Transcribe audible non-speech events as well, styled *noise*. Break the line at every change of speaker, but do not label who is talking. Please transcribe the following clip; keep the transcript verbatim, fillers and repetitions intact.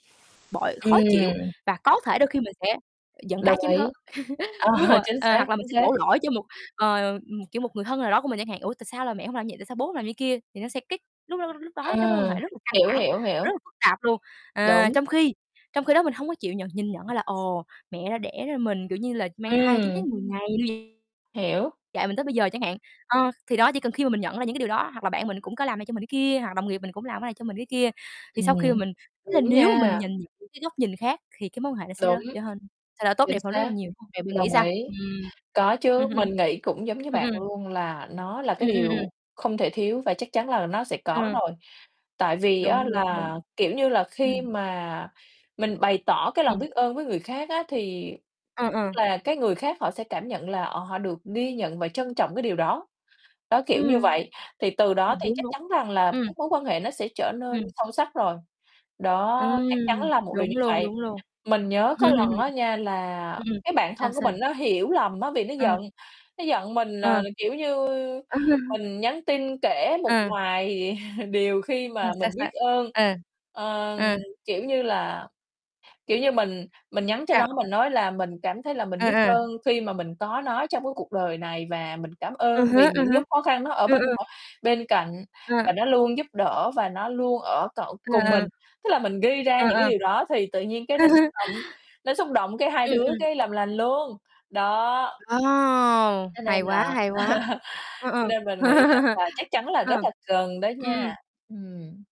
Bội, khó chịu
Ừm.
và có thể đôi khi mình sẽ, ờ, giận
Đồng
cá chém thớt,
ý, ờ,
*laughs* đúng không ạ?
chính
Ờ,
xác,
hoặc là mình
chính
sẽ
xác.
đổ lỗi cho một, ờ, ừ, ừm, kiểu, một người thân nào đó của mình chẳng hạn, "Ủa, tại sao là mẹ hông làm như vậy? Tại sao bố hông làm như kia?" thì nó sẽ kích lúc đó lúc lúc đó ấy cái mối quan
À,
hệ rất là căng
hiểu,
thẳng,
hiểu, hiểu.
rất là phức tạp luôn. À,
Đúng.
trong khi trong khi đó mình hông có chịu nhận nhìn nhận ra là, ồ, mẹ đã đẻ ra mình, kiểu như là, mang thai chín tháng
Ừm.
mười ngày
Hiểu.
*unintelligible* dạy mình tới bây giờ chẳng hạn. Ờ, thì đó, chỉ cần khi mà mình nhận ra những cái điều đó hoặc là bạn mình cũng có làm này cho mình cái kia, hoặc đồng nghiệp mình cũng làm cái này cho mình cái kia thì sau khi mà
Ừm,
mình tức là
đúng
nếu mà mình
nha.
nhần nhịn cái góc nhìn khác khì cái mối quan hệ nó sẽ rớ
Đúng.
trở hên thay đổi tốt
Chính
đẹp hơn rất là
xác,
nhiều, đúng hông, vậy bạn nghĩ
đồng
sao?
ý.
Ừm.
Có chứ,
*chuckles*
mình nghĩ cũng giống như
Ừm, ừm.
bạn luôn là nó là cái
Ừm, ừm,
điều
ừm.
không thể thiếu và chắc chắn là nó sẽ có
Ừ.
rồi. Tại vì á
Đúng, đúng, đúng.
là, kiểu như là, khi
Ừm.
mà mình bày tỏ cái lòng
Ừm.
biết ơn với người khác á thì
Ờ,
tức
ờ.
là cái người khác họ sẽ cảm nhận là, ờ, họ được ghi nhận và trân trọng cái điều đó. Đó, kiểu như
Ưm.
vậy, thì từ đó
Ừm,
thì
đúng,
chắc
đúng.
chắn rằng là
Ừm.
các mối quan hệ nó sẽ trở nên
Ừm.
sâu sắc rồi, đó,
Ừm,
chắc chắn là một điều như
đúng luôn,
vậy.
đúng luôn.
Mình nhớ có lần á
*laughs*
nha là
Ừm, ừm.
cái bạn
sao,
thân của
sao?
mình nó hiểu lầm á, bị nó
Ờ.
giận, nó giận mình
Ờ.
nờ là kiểu như
Ờ.
mình nhắn tin kể một
Ờ.
vài *chuckles* điều khi
Ờ,
mà
sao
mình
s
biết
bạn?
ơn
Ờ,
ờ,
ừ.
kiểu như là, kiểu như, mình mình nhắn cho nó,
Sao?
mình nói là mình cảm thấy là mình
Ừ,
biết
ừ.
ơn khi mà mình có nó trong cái cuộc đời này và mình cảm
Ừ
ơn
hứ,
vì
ừ
những
hứ.
lúc khó khăn nó ở
Ừ,
bên
ừ.
*unintelligible* bên cạnh
À.
và nó luôn giúp đỡ và nó luôn ở cậu cùng
À,
mình,
à.
tức là mình ghi ra
Ừ,
những cái
à.
điều đó thì tự nhiên cái nó xúc
*laughs*
động, nó xúc động cái hai
Ừm,
đứa
ừm.
cái làm lành luôn, đó.
Ồ,
Cho
hay
nên
quá,
là
hay quá,
*laughs*
ờ, ờ.
cho nên mình nghĩ rằng là
*laughs*
chắc chắn là
Ờ,
rất
ừm,
là cần đó
ừm.
nha, ừm.